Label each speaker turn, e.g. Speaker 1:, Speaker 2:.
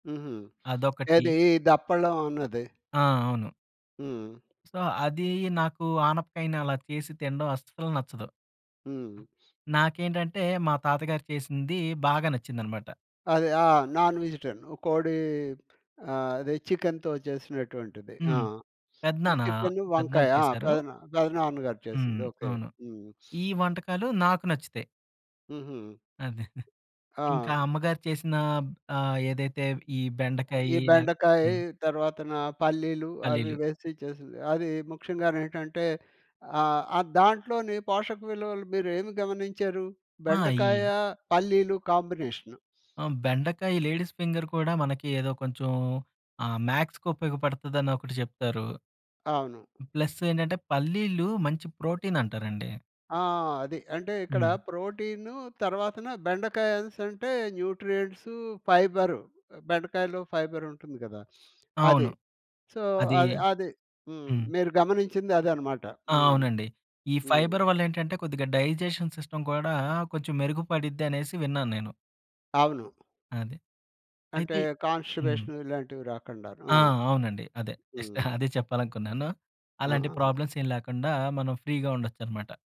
Speaker 1: హుహు.
Speaker 2: అదొకటి.
Speaker 1: ఏది దప్పలం అన్నది.
Speaker 2: ఆ! అవును.
Speaker 1: హ్మ్.
Speaker 2: సో, అది నాకు ఆనపకాయని అలా చేసి తిడం అస్సలు నచ్చదు.
Speaker 1: హ్మ్.
Speaker 2: నాకేంటంటే, మా తాతగారు చేసింది బాగా నచ్చిందన్నమాట.
Speaker 1: అదే. ఆ! Non vegetarian. కోడి ఆహ్, అదే చికెనుతో చేసినటువంటిది. ఆ‌!
Speaker 2: హ్మ్. పెదనాన్న,
Speaker 1: చికెను,
Speaker 2: పెద్దనాన్న
Speaker 1: వంకాయ ఆ!
Speaker 2: చేశారు.
Speaker 1: పెదనా పెదనాన్నగారు
Speaker 2: హ్మ్.
Speaker 1: చేసింది, ఓకే.
Speaker 2: అవును.
Speaker 1: హ్మ్.
Speaker 2: ఈ వంటకాలు నాకు నచ్చుతాయి.
Speaker 1: హుహు.
Speaker 2: అదే. ఇంకా
Speaker 1: ఆ!
Speaker 2: అమ్మగారు చేసిన ఆహ్, ఏదైతే ఈ
Speaker 1: ఈ
Speaker 2: బెండకాయి లె
Speaker 1: బెండకాయి
Speaker 2: హ్మ్.
Speaker 1: తరువాతన, పల్లీలు అవి
Speaker 2: పల్లీలు.
Speaker 1: వేసి చేసింది. అది ముఖ్యంగనేంటంటే, ఆహ్, ఆహ్, దాంట్లోని పోషక విలువలు మీరు ఏమి గమనించారు?
Speaker 2: ఆ!
Speaker 1: బెండకాయ,
Speaker 2: ఇ
Speaker 1: పల్లీలు కాంబినేషను.
Speaker 2: ఆ! బెండకాయి లేడీస్ ఫింగర్ కూడా మనకి ఏదో కొంచెం ఆహ్, మ్యాక్స్‌కు ఉపయోగపడుతుందని ఒకటి జేప్తారు.
Speaker 1: అవును.
Speaker 2: ప్లస్సేంటంటే, పల్లీలు మంచి ప్రోటీనంటారండి.
Speaker 1: ఆ! అది. అంటే ఇక్కడ
Speaker 2: హ్మ్.
Speaker 1: ప్రోటీను తరువాతన బెండకాయ అనేసంటే, న్యూట్రియంట్సు, ఫైబరు. బెండకాయలో ఫైబరుంటుంది గదా! అది.
Speaker 2: అవును.
Speaker 1: సో,
Speaker 2: అది,
Speaker 1: అది, అది. హ్మ్,
Speaker 2: హ్మ్.
Speaker 1: మీరు గమనించింది అదన్నమాట.
Speaker 2: ఆ!
Speaker 1: హ్మ్.
Speaker 2: అవునండి. ఈ
Speaker 1: హ్మ్.
Speaker 2: ఫైబర్ వల్ల ఏంటంటే, కొద్దిగా డైజెషన్ సిస్టమ్ కూడా, కొంచెం మెరుగుపడిద్ది అనేసి విన్నాను నేను.
Speaker 1: అవును.
Speaker 2: అదే.
Speaker 1: అంటే,
Speaker 2: అయితే హ్మ్.
Speaker 1: కాన్‌స్టిపేషన్ ఇలాంటివి రాకుండను, ఆ!
Speaker 2: ఆ! అవునండి అదే. జస్ట్
Speaker 1: హ్మ్.
Speaker 2: అదే చెప్పాలనుకున్నాను. అలాంటి
Speaker 1: ఆ!
Speaker 2: ప్రాబ్లమ్స్ ఏం లేకుండా, మనం ఫ్రీగా ఉండొచ్చనమాట.